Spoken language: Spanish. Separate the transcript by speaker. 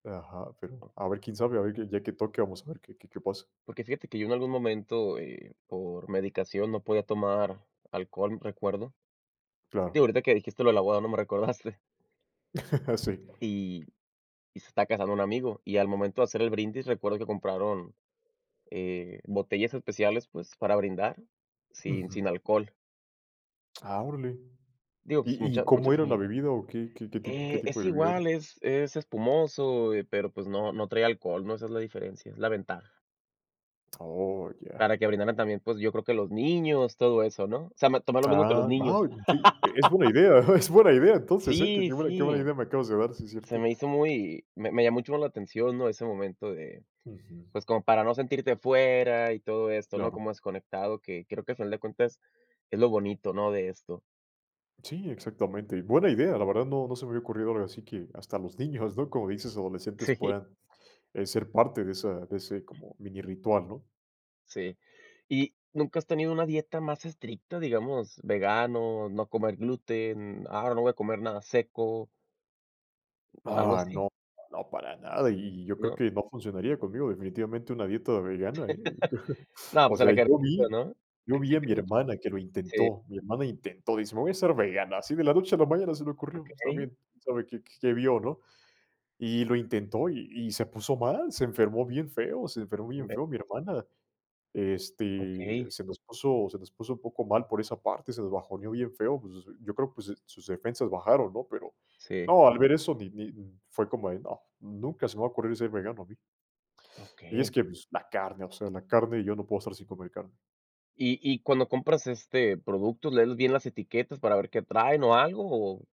Speaker 1: Ajá, pero a ver, quién sabe, a ver el día que toque vamos a ver qué qué qué pasa.
Speaker 2: Porque fíjate que yo en algún momento, eh, por medicación no podía tomar alcohol, recuerdo. Digo,
Speaker 1: Claro.
Speaker 2: ahorita que dijiste lo de la boda, ¿no?, me recordaste.
Speaker 1: Sí.
Speaker 2: Y y se está casando un amigo y al momento de hacer el brindis recuerdo que compraron, eh, botellas especiales pues para brindar sin sin
Speaker 1: Ujú.
Speaker 2: alcohol.
Speaker 1: Ah, órale.
Speaker 2: Digo, pues
Speaker 1: ¿Y y
Speaker 2: mucha
Speaker 1: cómo
Speaker 2: muchas
Speaker 1: era la
Speaker 2: sin
Speaker 1: bebida o qué qué qué tipo qué
Speaker 2: eh,
Speaker 1: tipo
Speaker 2: es
Speaker 1: de bebida era?
Speaker 2: igual, es es espumoso, eh, pero pues no, no trae alcohol, ¿no? Esa es la diferencia, es la ventaja.
Speaker 1: Oh, ya.
Speaker 2: Para que brindaran también, pues, yo creo que los niños, todo eso, ¿no? O sea, me tomé lo mismo que los
Speaker 1: Ah. va
Speaker 2: niños.
Speaker 1: un di E es buena idea. Es buena idea entonces, ¿eh? Qué
Speaker 2: Sí,
Speaker 1: buena qué buena
Speaker 2: sí.
Speaker 1: idea me acabas de dar, sí
Speaker 2: Se
Speaker 1: cierto.
Speaker 2: me hizo muy Me me llamó un chorro la atención, ¿no? Ese momento de,
Speaker 1: Ujú.
Speaker 2: pues, como para no sentirte fuera y todo esto, ¿no?
Speaker 1: Claro.
Speaker 2: Como desconectado, que creo que al final de cuentas es lo bonito, ¿no? De esto.
Speaker 1: Sí, exactamente, y buena idea, la verdad no no se me había ocurrido, ahora sí que, hasta los niños, ¿no? Como dices, adolescentes
Speaker 2: Sí.
Speaker 1: puedan, eh, ser parte de esa de ese como mini ritual, ¿no?
Speaker 2: Sí. Y, ¿nunca has tenido una dieta más estricta? Digamos, ¿vegano, no comer gluten? Ah, ¿ahora no voy a comer nada seco? ¿Algo
Speaker 1: Ah,
Speaker 2: así?
Speaker 1: no, no para nada, y y y yo creo
Speaker 2: ¿No?
Speaker 1: que no funcionaría conmigo definitivamente una dieta vegana, ¿eh?
Speaker 2: No,
Speaker 1: O
Speaker 2: pues a la
Speaker 1: sea,
Speaker 2: carnita,
Speaker 1: yo vi
Speaker 2: ¿no?
Speaker 1: yo vi a
Speaker 2: Exige
Speaker 1: mi
Speaker 2: mucho.
Speaker 1: hermana que lo
Speaker 2: Sí.
Speaker 1: intentó, mi hermana intentó, dice: "Me voy a hacer vegana". Así de la noche a la mañana, se le ocurrió,
Speaker 2: Okey.
Speaker 1: pues también sabe qué qué qué vio, ¿no? Y lo intentó y y se puso mal, se enfermó bien feo, se enfermó bien feo mi
Speaker 2: [unintelligible]
Speaker 1: hermana, este,
Speaker 2: Okey.
Speaker 1: se nos puso se nos puso un poco mal por esa parte, se nos bajoneó bien feo, pues, yo creo, pues, su sus defensas bajaron, ¿no? Pero,
Speaker 2: Sí.
Speaker 1: no, al ver eso ni ni Fue como de no, nunca se me va ocurrir ser vegano a mí. Y es
Speaker 2: Okey.
Speaker 1: que la carne, o sea, la carne. Yo no puedo estar sin comer carne.
Speaker 2: Y y cuando compras, este, productos, ¿lees bien las etiquetas para ver qué traen o algo? O